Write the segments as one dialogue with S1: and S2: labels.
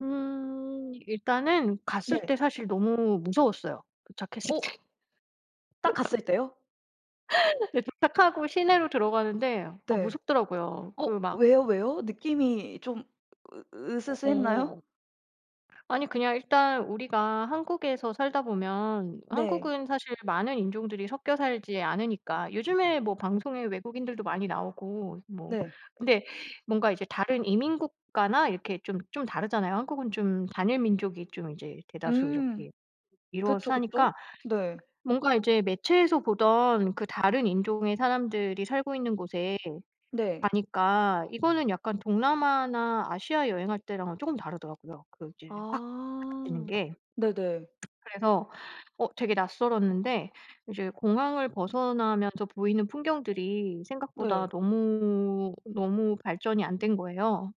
S1: 음. 일단은 갔을 때
S2: 네.
S1: 사실 너무 무서웠어요. 도착했을
S2: 어.
S1: 때.
S2: 딱 갔을 때요?
S1: 그 도착하고 시내로 들어가는데 어
S2: 네.
S1: 무섭더라고요.
S2: 어
S1: 그 막
S2: 왜요? 왜요? 느낌이 좀 으 으스스했나요?
S1: 어. 아니 그냥 일단 우리가 한국에서 살다 보면
S2: 네.
S1: 한국은 사실 많은 인종들이 섞여 살지 않으니까 요즘에 뭐 방송에 외국인들도 많이 나오고 뭐
S2: 네.
S1: 근데 뭔가 이제 다른 이민 국가나 이렇게 좀 좀 다르잖아요. 한국은 좀 단일 민족이 좀 이제 대다수
S2: 음.
S1: 이렇게 이루어서
S2: 그쵸 그쵸.
S1: 사니까
S2: 네.
S1: 뭔가 이제 매체에서 보던 그 다른 인종의 사람들이 살고 있는 곳에
S2: 네.
S1: 가니까 이거는 약간 동남아나 아시아 여행할 때랑은 쪼금 다르더라요. 그 이제 확 [unintelligible] 되는
S2: 아
S1: 게.
S2: 네네.
S1: 그래서 어 되게 낯설었는데 이제 공항을 벗어나면서 보이는 풍경들이 생각보다
S2: 네.
S1: 너무, 너무 발전이 안 된 거예요.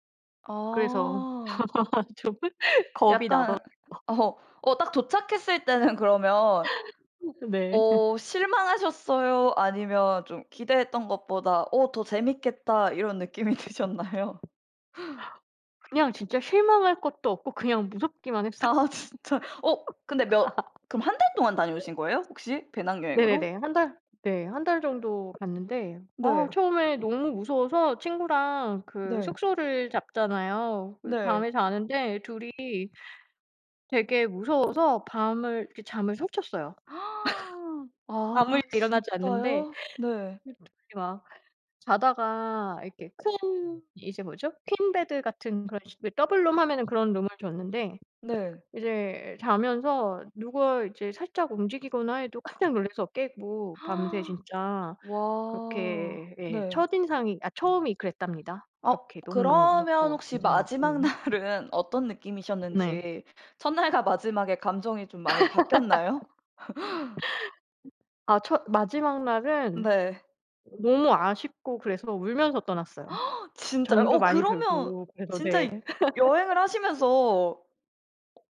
S1: 그래서
S2: 아.
S1: 좀 겁이 나더라고.
S2: 약간 어. 어 딱 도착했을 때는 그러면
S1: 네.
S2: 어 실망하셨어요? 아니면 좀 기대했던 것보다 '어 더 재밌겠다.' 이런 느낌이 드셨나요?
S1: 그냥 진짜 실망할 것도 없고 그냥 무섭기만 했어요.
S2: 아 진짜. 어 근데 몇 그럼 1 달 동안 다녀오신 거예요? 혹시?
S1: 네네네.
S2: 배낭여행으로?
S1: 1 달 네. 1 달 정도 갔는데 아
S2: 네.
S1: 처음에 너무 무서워서 친구랑 그
S2: 네.
S1: 숙소를 잡잖아요. 그리
S2: 네.
S1: 밤에 자는데 2 이 되게 무서워서 밤을 이렇게 잠을 설쳤어요.
S2: 아
S1: 아무 일도 일어나지 않는데
S2: 진짜요? 네.
S1: 그냥 2 이 막 자다가 이렇게 큰 이제 뭐죠? 퀸베드 같은 그런 식의 더블룸 하면은 그런 룸을 줬는데
S2: 네.
S1: 이제 자면서 누가 이제 살짝 움직이거나 해도 깜짝 놀라서 깨고 밤새 진짜
S2: 와.
S1: 그렇게 예
S2: 네.
S1: 첫인상이 아 처음이 그랬답니다.
S2: 어
S1: 그렇게 너무너무
S2: 그러면
S1: 무섭고
S2: 혹시 마지막
S1: 긴장하고.
S2: 날은 어떤
S1: 네.
S2: 느낌이셨는지 첫날과 마지막에 감정이 좀 많이 바뀌었나요?
S1: 아 첫 마지막 날은
S2: 네.
S1: 너무 아쉽고 그래서 울면서 떠났어요.
S2: 진짜요?
S1: 정도
S2: 어
S1: 많이
S2: 그러면
S1: 들고 그래서
S2: 진짜
S1: 네.
S2: 여행을 하시면서 어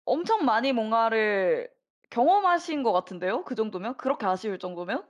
S2: 엄청 많이 뭔가를 경험하신 것 같은데요? 그 정도면 그렇게 아쉬울 정도면?